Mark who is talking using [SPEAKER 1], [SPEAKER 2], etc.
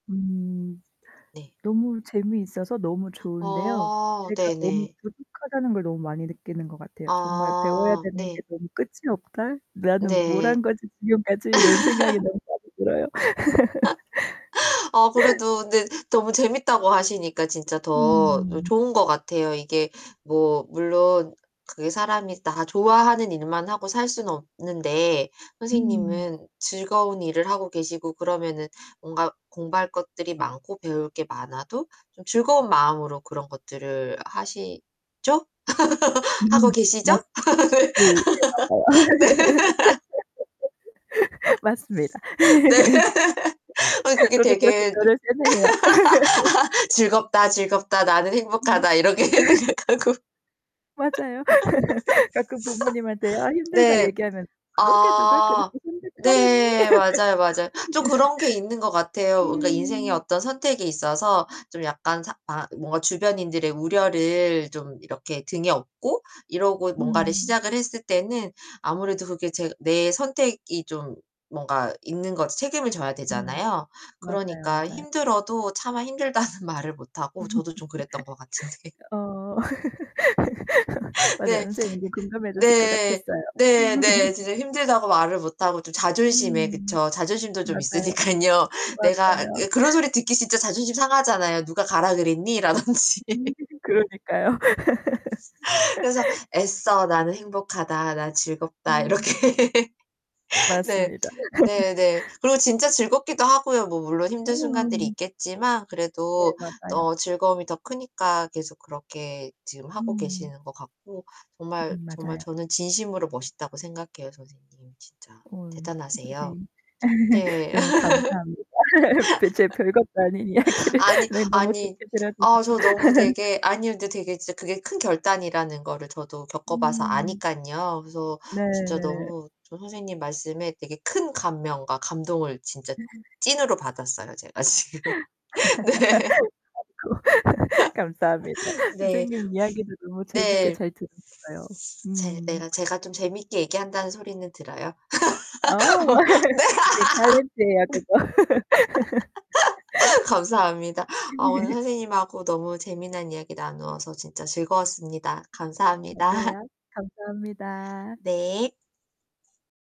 [SPEAKER 1] 음.
[SPEAKER 2] 네.
[SPEAKER 1] 너무 재미있어서 너무 좋은데요.
[SPEAKER 2] 어
[SPEAKER 1] 제가 너무
[SPEAKER 2] 네네.
[SPEAKER 1] 부족하다는 걸 너무 많이 느끼는 것 같아요. '정말 배워야
[SPEAKER 2] 아
[SPEAKER 1] 되는 게
[SPEAKER 2] 네.
[SPEAKER 1] 너무 끝이 없다. 나는 뭘
[SPEAKER 2] 네.
[SPEAKER 1] 한 거지, 지금까지?' 이런 생각이 너무 많이 들어요.
[SPEAKER 2] 아 그래도 네 너무 재밌다고 하시니까 진짜 더 요
[SPEAKER 1] 음.
[SPEAKER 2] 좋은 것 같아요. 이게 뭐 물론 그게 사람이 다 좋아하는 일만 하고 살 수는 없는데
[SPEAKER 1] 음.
[SPEAKER 2] 선생님은 즐거운 일을 하고 계시고 그러면은 뭔가 공부할 것들이 많고 배울 게 많아도 좀 즐거운 마음으로 그런 것들을 하시죠? 하고
[SPEAKER 1] 음음음.
[SPEAKER 2] 계시죠?
[SPEAKER 1] 맞스
[SPEAKER 2] 네.
[SPEAKER 1] 그 네 맞아요. 맞습니다.
[SPEAKER 2] 네. 아니 그게
[SPEAKER 1] 저도 그렇게
[SPEAKER 2] 되게 눕
[SPEAKER 1] 저를 세뇌해요.
[SPEAKER 2] '즐겁다, 즐겁다. 나는
[SPEAKER 1] 음.
[SPEAKER 2] 행복하다.' 이렇게 생각하고
[SPEAKER 1] 맞아요. 가끔 부모님한테 "아 힘들다."
[SPEAKER 2] 네.
[SPEAKER 1] 얘기하면 "그러게 누가
[SPEAKER 2] 아
[SPEAKER 1] 그렇게 선택하랬니?"
[SPEAKER 2] 네. 맞아요, 맞아. 좀
[SPEAKER 1] 그죠.
[SPEAKER 2] 그런 게 있는 것 같아요. 뭔가 인생의
[SPEAKER 1] 음.
[SPEAKER 2] 어떤 선택이 있어서 좀 약간 사 아 뭔가 주변인들의 우려를 좀 이렇게 등에 업고 이러고 뭔가를
[SPEAKER 1] 음.
[SPEAKER 2] 시작을 했을 때는 아무래도 그게 제가 내 선택이 좀 뭔가 있는 거지 책임을 져야
[SPEAKER 1] 음.
[SPEAKER 2] 되잖아요.
[SPEAKER 1] 맞아요,
[SPEAKER 2] 그러니까
[SPEAKER 1] 맞아요.
[SPEAKER 2] 힘들어도 차마 힘들다는 말을 못 하고 저도 좀 그랬던 것 같은데
[SPEAKER 1] 어. 맞아요.
[SPEAKER 2] 네.
[SPEAKER 1] 선생님이 공감해 주실 것
[SPEAKER 2] 네.
[SPEAKER 1] 같았어요.
[SPEAKER 2] 네. 네. 진짜 힘들다고 말을 못 하고 좀 자존심에
[SPEAKER 1] 음
[SPEAKER 2] 그쵸. 자존심도 좀
[SPEAKER 1] 맞아요.
[SPEAKER 2] 있으니깐요. 내가
[SPEAKER 1] 맞아요.
[SPEAKER 2] 예 그런 소리 듣기 진짜 자존심 상하잖아요, "누가 가라 그랬니?" 라든지.
[SPEAKER 1] 그러니까요.
[SPEAKER 2] 그래서 애써 '나는 행복하다. 나는 즐겁다.'
[SPEAKER 1] 음.
[SPEAKER 2] 이렇게. 네.
[SPEAKER 1] 맞습니다.
[SPEAKER 2] 네 네. 그리고 진짜 즐겁기도 하고요. 뭐 물론 힘든 순간들이
[SPEAKER 1] 어.
[SPEAKER 2] 있겠지만
[SPEAKER 1] 네.
[SPEAKER 2] 그래도
[SPEAKER 1] 맞아요.
[SPEAKER 2] 또 즐거움이 더 크니까 계속 그렇게 지금 하고
[SPEAKER 1] 음.
[SPEAKER 2] 계시는 것 같고 정말,
[SPEAKER 1] 음
[SPEAKER 2] 정말
[SPEAKER 1] 맞아요.
[SPEAKER 2] 저는 진심으로 멋있다고 생각해요 선생님 진짜.
[SPEAKER 1] 어
[SPEAKER 2] 대단하세요.
[SPEAKER 1] 선생님
[SPEAKER 2] 네.
[SPEAKER 1] 너무 감사합니다, 벼 제 별것도 아닌 이야기를
[SPEAKER 2] 아니
[SPEAKER 1] 네 너무
[SPEAKER 2] 아니
[SPEAKER 1] 좋게
[SPEAKER 2] 아
[SPEAKER 1] 들어주셔서.
[SPEAKER 2] 저 너무 되게 아니 근데 되게 진짜 그게 큰 결단이라는 거를 저도 겪어 봐서
[SPEAKER 1] 음.
[SPEAKER 2] 아니깐요. 그래서
[SPEAKER 1] 네
[SPEAKER 2] 진짜
[SPEAKER 1] 네.
[SPEAKER 2] 너무 저 선생님 말씀에 되게 큰 감명과 감동을 진짜
[SPEAKER 1] [unintelligible]
[SPEAKER 2] 찐으로 받았어요 제가 지금. 네.
[SPEAKER 1] 아이고. 감사합니다.
[SPEAKER 2] 네.
[SPEAKER 1] 선생님 이야기도 너무 재밌게
[SPEAKER 2] 네.
[SPEAKER 1] 잘 들었어요.
[SPEAKER 2] 제
[SPEAKER 1] 음.
[SPEAKER 2] 내가 제가 좀 재미있게 얘기한다는 소리는 들어요.
[SPEAKER 1] 어.
[SPEAKER 2] 네?
[SPEAKER 1] 선생님 탈렌트에요 그거.
[SPEAKER 2] 감사합니다. 아 오늘 선생님하고 너무 재미난 이야기 나누어서 진짜 즐거웠습니다. 감사합니다.
[SPEAKER 1] 맞아요. 감사합니다.
[SPEAKER 2] 네.